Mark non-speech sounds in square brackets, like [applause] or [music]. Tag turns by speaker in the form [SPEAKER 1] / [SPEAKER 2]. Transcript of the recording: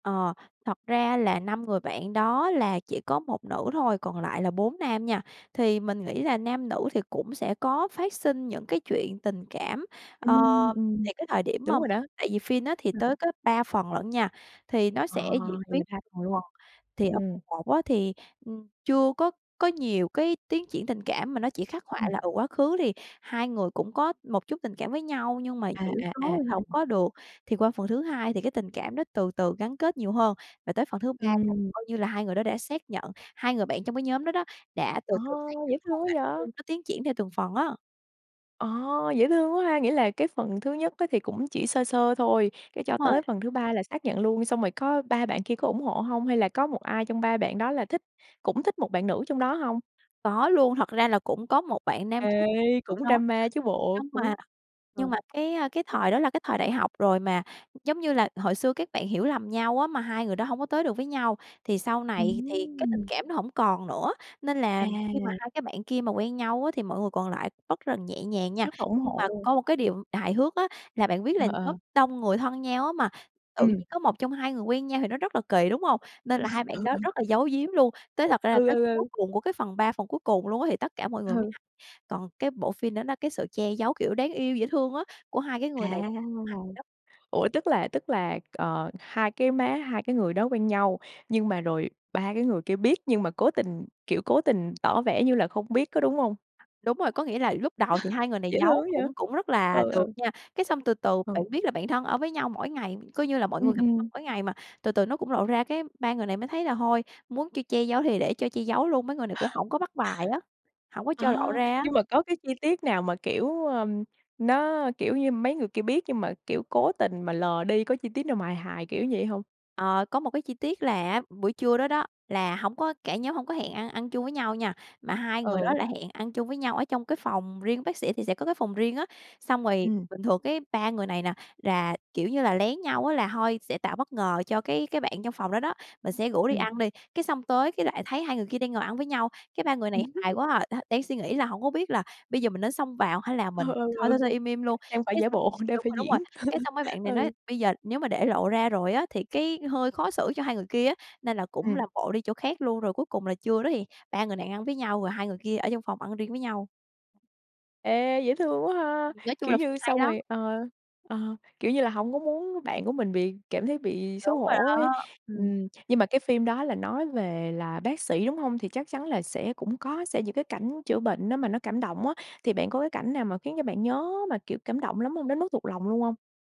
[SPEAKER 1] Ờ, thật ra là 5 người bạn đó là chỉ có 1 nữ thôi, còn lại là 4 nam nha. Thì mình nghĩ là nam nữ thì cũng sẽ có phát sinh những cái chuyện tình cảm. Ờ,
[SPEAKER 2] Ừm, ừm,
[SPEAKER 1] thì cái thời điểm
[SPEAKER 2] đúng
[SPEAKER 1] mâm
[SPEAKER 2] rồi đó.
[SPEAKER 1] tại vì phin á, thì
[SPEAKER 2] Ờ.
[SPEAKER 1] tới có 3 phần lận nha, thì nó
[SPEAKER 2] Ờ,
[SPEAKER 1] sẽ diễn
[SPEAKER 2] vậy
[SPEAKER 1] biến
[SPEAKER 2] là 3 phần luôn.
[SPEAKER 1] phần. Thì ở
[SPEAKER 2] Ừm.
[SPEAKER 1] phần một á, thì, ừm, chưa có có nhiều cái tiến triển tình cảm mà nó chỉ khắc họa
[SPEAKER 2] Ừm.
[SPEAKER 1] là, ừ, quá khứ thì hai người cũng có một chút tình cảm với nhau nhưng mà,
[SPEAKER 2] À,
[SPEAKER 1] kiểu,
[SPEAKER 2] à, à,
[SPEAKER 1] nói
[SPEAKER 2] ừm,
[SPEAKER 1] hổng
[SPEAKER 2] ừm.
[SPEAKER 1] có được. Thì qua phần thứ 2 thì cái tình cảm nó từ từ gắn kết nhiều hơn, và tới phần thứ 3 là
[SPEAKER 2] Ừm.
[SPEAKER 1] coi như là hai người đó đã xác nhận, hai người bạn trong cái nhóm đó đó, đã từ
[SPEAKER 2] Ờ,
[SPEAKER 1] từ xác nhận
[SPEAKER 2] dễ
[SPEAKER 1] mối
[SPEAKER 2] thương
[SPEAKER 1] quan
[SPEAKER 2] quá
[SPEAKER 1] hệ đó
[SPEAKER 2] dạ.
[SPEAKER 1] luôn, nó tiến triển theo từng phần á.
[SPEAKER 2] Ờ, dễ thương quá ha, nghĩa là cái phần thứ nhất á, thì cũng chỉ sơ sơ thôi, cái cho
[SPEAKER 1] Rồi.
[SPEAKER 2] tới phần thứ 3 là xác nhận luôn, xong rồi có ba bạn kia có ủng hộ hông? Hay là có một ai trong ba bạn đó là thích cũng thích một bạn nữ trong đó hông?
[SPEAKER 1] Có luôn, thật ra là cũng có một bạn nam
[SPEAKER 2] Ê,
[SPEAKER 1] thích nữ
[SPEAKER 2] cũng
[SPEAKER 1] đó,
[SPEAKER 2] drama chứ bộ,
[SPEAKER 1] nhưng
[SPEAKER 2] cũng
[SPEAKER 1] mà nhưng
[SPEAKER 2] ờ.
[SPEAKER 1] mà cái, a, cái thời đó là cái thời đại học rồi mà giống như là hồi xưa các bạn hiểu lầm nhau á, mà hai người đó hông có tới được với nhau, thì sau này thì cái tình
[SPEAKER 2] Ừm.
[SPEAKER 1] cảm nó hổng còn nữa, nên là khi mà
[SPEAKER 2] À.
[SPEAKER 1] hai cái bạn kia mà quen nhau á, thì mọi người còn lại bất rần nhẹ nhàng nha.
[SPEAKER 2] Rất là ủng
[SPEAKER 1] Nhưng
[SPEAKER 2] hộ
[SPEAKER 1] mà
[SPEAKER 2] luôn.
[SPEAKER 1] có một cái điều hài hước á, là bạn biết là
[SPEAKER 2] Ờ,
[SPEAKER 1] lớp
[SPEAKER 2] ờ.
[SPEAKER 1] đông người thân nhau á, mà tự
[SPEAKER 2] Ừm.
[SPEAKER 1] nhiên có một trong hai người quen nhau thì nó rất là kỳ, đúng hông? Nên là hai
[SPEAKER 2] [laughs] Ừ,
[SPEAKER 1] bạn đó
[SPEAKER 2] ừ.
[SPEAKER 1] rất là giấu giếm luôn. Tới thật ra
[SPEAKER 2] Ừ,
[SPEAKER 1] là tới
[SPEAKER 2] ừ,
[SPEAKER 1] cuối
[SPEAKER 2] ừ.
[SPEAKER 1] cùng của cái phần 3 phần cuối cùng luôn á, thì tất cả mọi người mới
[SPEAKER 2] Ừ.
[SPEAKER 1] hay, còn cái bộ phin nó cái sự che giấu, kiểu, đáng yêu, dễ thương á, của hai cái
[SPEAKER 2] À.
[SPEAKER 1] người này [unintelligible] hai vậy đó.
[SPEAKER 2] Ủa, tức là tức là, ờ, hai cái má hai cái người đó quen nhau, nhưng mà rồi ba cái người kia biết, nhưng mà cố tình, kiểu cố tình tỏ vẻ như là không biết, có đúng hông?
[SPEAKER 1] Đúng rồi, có nghĩa là lúc đầu thì hai
[SPEAKER 2] [laughs]
[SPEAKER 1] người này
[SPEAKER 2] Dễ thương
[SPEAKER 1] giấu,
[SPEAKER 2] quá dạ?
[SPEAKER 1] cũng cũng rất là
[SPEAKER 2] Ừ,
[SPEAKER 1] được
[SPEAKER 2] ừ.
[SPEAKER 1] nha. Cái xong từ từ
[SPEAKER 2] Ừ.
[SPEAKER 1] bạn biết là bạn thân ở với nhau mỗi ngày, coi như là mọi
[SPEAKER 2] Ừm,
[SPEAKER 1] người gặp nhau
[SPEAKER 2] ừm.
[SPEAKER 1] mỗi ngày mà, từ từ nó cũng lộ ra, cái ba người này mới thấy là hôi, muốn chiêu che giấu thì để cho che giấu luôn, mấy người này cũng hổng có bắt bài
[SPEAKER 2] [laughs]
[SPEAKER 1] á, hổng có cho
[SPEAKER 2] À,
[SPEAKER 1] lộ ra á.
[SPEAKER 2] nhưng mà có cái chi tiết nào mà, kiểu, ưm, nó, kiểu như, mấy người kia biết nhưng mà, kiểu, cố tình mà lờ đi, có chi tiết nào mà hài hài kiểu vậy hông?
[SPEAKER 1] Ờ, có một cái chi tiết là á, buổi trưa đó đó, là hổng có cả nhóm hổng có hẹn ăn ăn chung với nhau nha, mà hai người đó
[SPEAKER 2] Ừ.
[SPEAKER 1] là hẹn ăn chung với nhau ở trong cái phòng riêng, bác sĩ thì sẽ có cái phòng riêng á, xong rồi
[SPEAKER 2] Ừm.
[SPEAKER 1] bình thường cái ba người này nè, rà, kiểu như là, lén nhau á, là thôi sẽ tạo bất ngờ cho cái cái bạn trong phòng đó đó, mình sẽ rủ đi
[SPEAKER 2] Ừm.
[SPEAKER 1] ăn đi, cái xong tới cái lại thấy hai người kia đang ngồi ăn với nhau, cái ba người này hài
[SPEAKER 2] [laughs]
[SPEAKER 1] quá à, đ đang suy nghĩ là hổng có biết là bây giờ mình nên xông vào hay là mình
[SPEAKER 2] Ừ, ừ,
[SPEAKER 1] thôi
[SPEAKER 2] ừ,
[SPEAKER 1] thôi thôi im im luôn,
[SPEAKER 2] đang phải
[SPEAKER 1] cái x
[SPEAKER 2] giả bộ, đang
[SPEAKER 1] đúng
[SPEAKER 2] phải
[SPEAKER 1] rồi, đúng rồi,
[SPEAKER 2] diễn,
[SPEAKER 1] cái xong mấy
[SPEAKER 2] [laughs]
[SPEAKER 1] bạn này nói,
[SPEAKER 2] ừ.
[SPEAKER 1] bây giờ nếu mà để lộ ra rồi á, thì cái hơi khó xử cho hai người kia á, nên là cũng
[SPEAKER 2] Ừm.
[SPEAKER 1] làm bộ đi chỗ khác luôn, rồi cuối cùng là trưa đó thì ba người nàng ăn với nhau, rồi hai người kia ở trong phòng ăn riêng với nhau.
[SPEAKER 2] Ê, dễ thương quá ha!
[SPEAKER 1] Nói chung
[SPEAKER 2] Kiểu
[SPEAKER 1] là phim
[SPEAKER 2] như,
[SPEAKER 1] hay
[SPEAKER 2] xong
[SPEAKER 1] lắm.
[SPEAKER 2] rồi ờ, ờ, kiểu như là hổng có muốn bạn của mình bị cảm thấy bị xấu
[SPEAKER 1] Đúng rồi
[SPEAKER 2] hổ ấy,
[SPEAKER 1] đó, ừm.
[SPEAKER 2] ừm. Nhưng mà cái phim đó là nói về là bác sĩ, đúng hông? Thì chắc chắn là sẽ cũng có sẽ những cái cảnh chữa bệnh nó mà nó cảm động á, thì bạn có cái cảnh nào mà khiến cho bạn nhớ mà, kiểu, cảm động lắm hông? Đến mức thuộc lòng luôn hông?